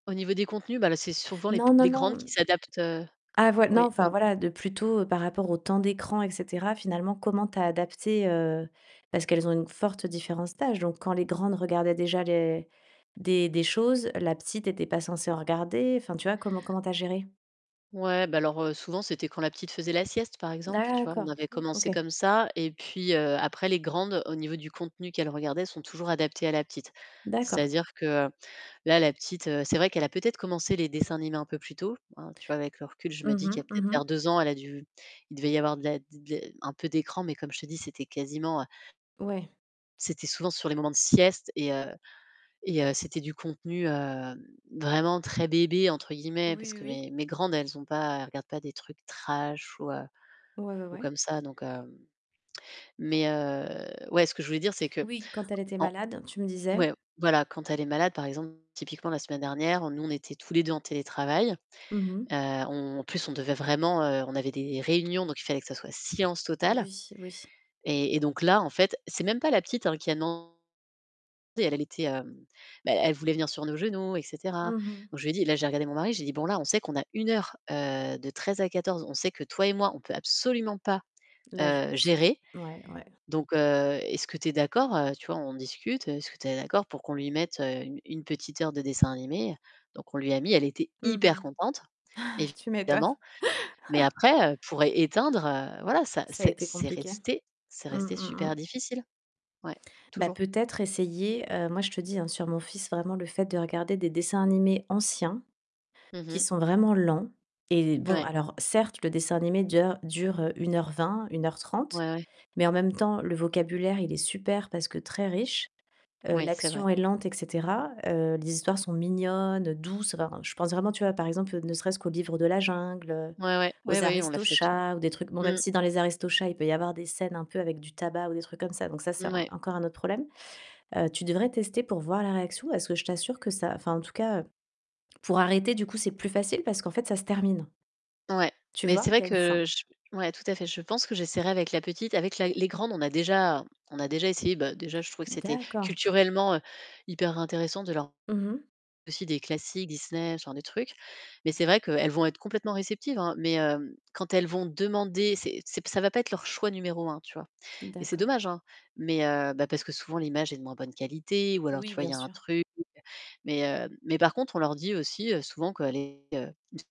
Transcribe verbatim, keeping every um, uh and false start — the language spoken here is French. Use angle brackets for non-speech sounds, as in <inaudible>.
Au niveau des contenus, bah, là c'est souvent les p Non, non, les grandes non. qui s'adaptent, heu Ah voi non, oui, enfin, oui. voilà, de plutôt par rapport au temps d'écran, et cetera, finalement, comment tu as adapté, heu, parce qu'elles ont une forte différence d'âge, donc quand les grandes regardaient déjà les des des choses, la petite était pas censée en regarder, enfin tu vois, comment comment tu as géré? Ouais, bah, alors, heu, souvent, c'était quand la petite faisait la sieste, par exemple, tu vois, on D'accord, avait o commencé OK. comme ça. Et puis, heu, après les grandes, au niveau du contenu qu'elles regardaient, se sont toujours adaptées à la petite. D'accord. C'est-à-dire que, heu, là, la petite, heu, c'est vrai qu'elle a peut-être commencé les dessins animés un peu plus tôt, hein, tu vois, avec le recul, je me Mmh dis qu'il y mh, a mmh peut-être mh. vers deux ans, elle a dû il devait y avoir de la, d d un peu d'écran, mais comme je te dis, c'était quasiment, heu Ouais. c'était souvent sur les moments de sieste et heu et heu, c'était du contenu, heu, vraiment très bébé, entre guillemets, parce Oui, oui, que oui. mes mes grandes, elles ont pas elles regardent pas des trucs trash ou, heu, Ouais, ouais, ou ouais. comme ça. Donc, hem mais, heu ouais, ce que je voulais dire, c'est que, Oui, quand elle était en malade, tu me disais ouais, voilà, quand elle est malade par exemple, typiquement la semaine dernière, heu, nous on était tous les deux en télétravail. Mmh mh. Heu, on en plus, on devait vraiment, heu, on avait des réunions, donc il fallait que ça soit silence total, Oui, oui. et et donc là en fait, c'est même pas la petite hein qui a demandé, elle était, hem, bah, elle voulait venir sur nos genoux et cetera. Mmh mh. Donc je lui ai dit là, j'ai regardé mon mari, j'ai dit: «Bon, là on sait qu'on a une heure, heu, de treize à quatorze, on sait que toi et moi, on peut absolument pas, L'âge, heu, s'occupe gérer. ouais, ouais. Donc, heu, est-ce que tu es d'accord», heu, tu vois, on discute, heu, «est-ce que tu es d'accord pour qu'on lui mette, heu, une une petite heure de dessin animé». Donc, on lui a mis, elle était hyper Mmh contente, mh <inhales> tu m'étonnes évidemment. Mais <chuckles> après, heu, pour éteindre, heu, voilà, ça Ça a c'est été c'est compliqué? resté c'est Mmh resté mh. Mmh. super difficile. Ouais, Bah, toujours. peut-être essayer, heu, moi je te dis hein, sur mon fils, vraiment le fait de regarder des dessins animés anciens, Mmh qui mh. sont vraiment lents. Et, bon, Ouais. alors certes, le dessin animé déjà, dure, heu, une heure vingt, une heure trente, Ouais, ouais. mais en même temps, le vocabulaire, il est super parce que très riche. Heu, Oui, c'est vrai. l'action est lente, et cetera. Heu, les histoires sont mignonnes, douces. Alors, heu, je pense vraiment, tu vois, par exemple ne serait-ce qu'au Livre de la jungle, heu, Ouais, ouais, ouais, aux ouais on l'a fait Aristochats celui-là. ou des trucs bon, même Mmh. si dans les Aristochats, il peut y avoir des scènes un peu avec tabac ou des trucs comme ça. Donc ça, c'est Mouais. encore un autre problème. Heu, tu devrais tester pour voir la réaction, parce que je t'assure que ça enfin, en tout cas, pour arrêter du coup, c'est plus facile parce qu'en fait ça se termine. Ouais, Tu mais vois? c'est il vrai y a une fin. que, je ouais, tout à fait, je pense que j'essaierai avec la petite. Avec la les grandes, on a déjà on a déjà essayé, bah, déjà je trouvais que c'était D'accord. culturellement, heu, hyper intéressant de leur Mmh mh. aussi des classiques, Disney, ce genre de trucs. Mais c'est vrai qu'elles vont être complètement réceptives, hein, mais, hem, quand elles vont demander, c'est c'est, ça va pas être leur choix numéro un, tu vois. Et c'est D'accord. dommage, hein, mais, heu, bah, parce que souvent l'image est de moins bonne qualité ou alors tu Oui, vois, il bien y a un sûr. truc, mais, heu, mais par contre, on leur dit aussi, heu, souvent que les, heu